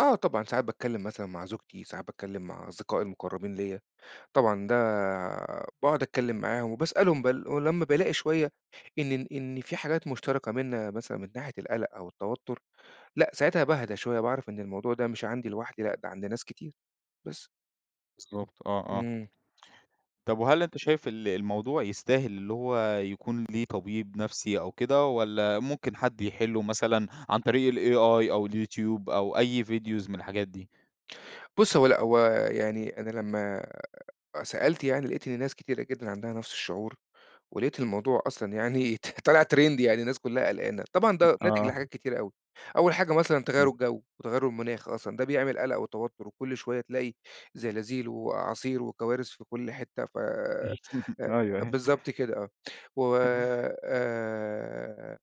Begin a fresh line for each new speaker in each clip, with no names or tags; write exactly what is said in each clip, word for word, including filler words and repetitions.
آه طبعًا، ساعات باتكلّم مثلًا مع زوجتي، ساعات باتكلّم مع أصدقائي المُقرّبين ليّا. طبعًا ده باقعد أتكلّم معاهم وباسألهم بال ولمّا بالاقي شوية إن ن إن في حاجات مشتركة مننا مثلًا من ناحية القَلَق أو التوتُّر، لأ، ساعتها باهدى شوية باعرف إن الموضوع ده مش عندي لوحدي، لأ، ده عند ناس كتير بس.
بالضبط، آه، آه.
إمم.
طب وهل أنت شايف ال الموضوع يستاهل اللي هو يكون ليه طبيب نفسي أو كده والّا ممكن حد يحِلُّه مثلًا عن طريق الAI أو اليوتيوب أو أي فيديوز من الحاجات دي؟
بُص، هو لأ. هو يعني أنا لمّا أ سألت يعني، لقيت إن ناس كتيرة جدًا عندها نفس الشعور، ولقيت الموضوع أصلًا يعني ط طالع trend يعني الناس كُلّها قلقانة. طبعًا ده ناتج
آه.
لحاجات كتيرة أوي، أول حاجة مثلًا تغيُّر
إمم.
الجَو وتغيُّر المناخ أصلًا ده بيعمل قلَق وتوتُّر وكل شوية تلاقي زلازيل وأعاصير وكوارث في كل حتّة، ف
أيوه،
أ
أيوه.
بالضبط كده آه. و آآ،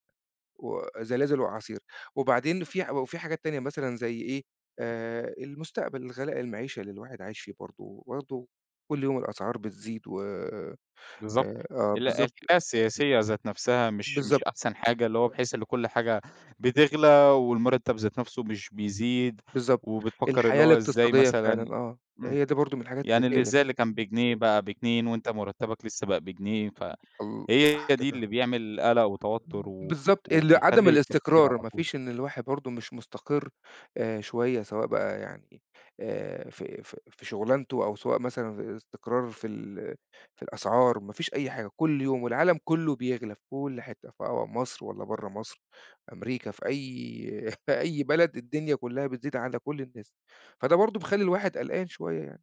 وزلازل وأعاصير. وبعدين في ح و وفي حاجات تانية مثلًا زي إيه، آآ المستقبل، الغلاء، المعيشة اللي الواحد عايش فيه برضه، وبرضه كل يوم الأسعار
[unintelligible]
بتزيد و آآ
بالضبط.
آه
ال الحالة
بالضبط.
السياسية ذات نفسها مش مش
بالضب
أحسن حاجة، اللي هو بحيث إن كل حاجة بتغلى والمُرتَّب ذات نفسه مش بيزيد
بالضبط.
وبتفكّر اللي
الحياة
هو إزاي
الاقتصادية
مثلًا
فعلًا، آه.
إمم،
هي دي برضه من الحاجات اللي
يعني اللي
تقلِق.
إزاي اللي كان بجنيه بقى باتنين وأنت مُرتَّبك لسّه بقى بجنيه ف
[unintelligible] ال
هي
صح
دي
كده.
اللي بيعمل قَلَق وتوتُّر
ب
و
بالضبط. ال عدم
وبيخلّي التفكير على
الاستقرار ما
طول.
فيش إن الواحد برضه مش مستقر، آآ شوية، سواء بقى يعني آآ في في في شُغلانته أو سواء مثلًا استقرار في ال في الأسعار، ما فيش أي حاجة كل يوم والعالم كُلّه بيغلى في كل حتّة في أو مصر والّا برّه مصر. أمريكا في أي في أي بلد الدنيا كُلّها بتزيد على كل الناس، فده برضه بيخلّي الواحد قلقان شوية يعني.